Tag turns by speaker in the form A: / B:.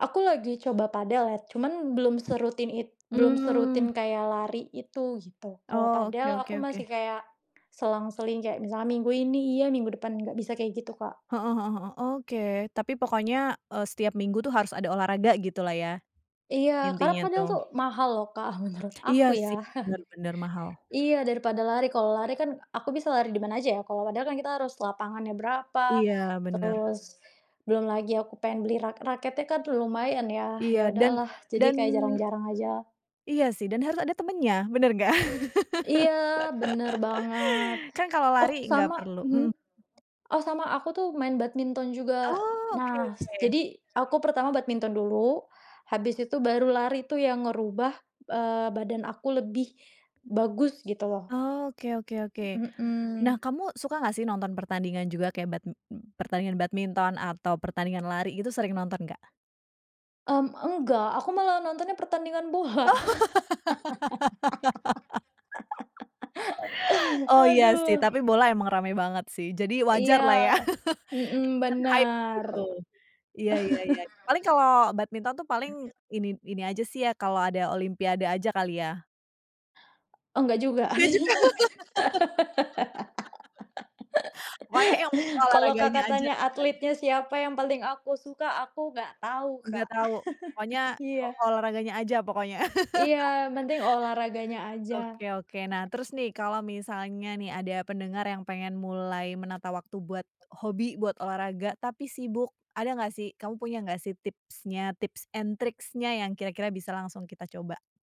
A: Aku lagi coba padel ya. Cuman belum serutin it belum serutin
B: Mmm.
A: kayak lari itu gitu. Kalau
B: Oh, oke
A: padel
B: oke
A: aku
B: oke.
A: masih kayak, selang-seling. Kayak misalnya minggu ini iya, minggu depan enggak. Bisa kayak gitu Kak.
B: Heeh heeh heeh. Oke. Tapi pokoknya, eee, setiap minggu tuh harus ada olahraga gitulah ya,
A: Iya karena
B: intinya
A: padel tuh
B: tuh.
A: mahal loh Kak, menurut
B: Iya
A: aku ya.
B: sih. Benar benar. Mahal.
A: Iya daripada lari. Kalau lari kan aku bisa lari di mana aja ya, kalau padel kan kita harus lapangannya berapa,
B: Iya, benar.
A: terus, belum lagi aku pengen beli rak raketnya kan lumayan ya ya
B: Iya. Dan
A: udahlah, jadi
B: dan
A: kayak jarang-jarang ajalah.
B: Iya sih. Dan harus ada temannya, benar nggak?
A: Iya, benar banget.
B: Kan kalau
A: Oh
B: lari nggak
A: sama,
B: perlu
A: mhm,
B: mhm.
A: oh sama aku tuh main badminton juga.
B: Oh, oke
A: Nah,
B: oke.
A: jadi aku pertama badminton dulu, habis itu baru lari itu yang ngerubah, eee, badan aku lebih, bagus gitu loh.
B: Oh, oke oke oke. Nah
A: Mhm.
B: kamu suka nggak sih nonton pertandingan juga kayak bad pertandingan badminton atau pertandingan lari itu sering nonton nggak?
A: Mmm, enggak. Aku malah nontonnya pertandingan bola.
B: Oh. Oh iya sih,
A: Aduh.
B: tapi bola emang rame banget sih. Jadi
A: Iya.
B: wajarlah ya.
A: Mhm,
B: ikutan hype
A: benar.
B: gitu. Iya iya iya. paling kalo badminton tuh paling ini ini aja sih ya, kalo ada Olimpiade aja kali ya?
A: Oh nggak juga.
B: Ya juga. Banyak yang penting
A: Kalau
B: olahraganya
A: Kakak
B: aja
A: tanya
B: kan.
A: atletnya siapa yang penting aku suka, aku nggak tahu
B: Nggak
A: Kak.
B: tau. Pokoknya, o
A: Iya.
B: olahraganya aja pokoknya,
A: Iya, yang penting olahraganya aja.
B: Oke oke. Nah terus nih, kalau misalnya nih ada pendengar yang pengen mulai menata waktu buat hobi, buat olahraga, tapi sibuk. Ada nggak sih, kamu punya nggak sih tipsnya, tips and tricks-nya yang kira-kira bisa langsung kita coba?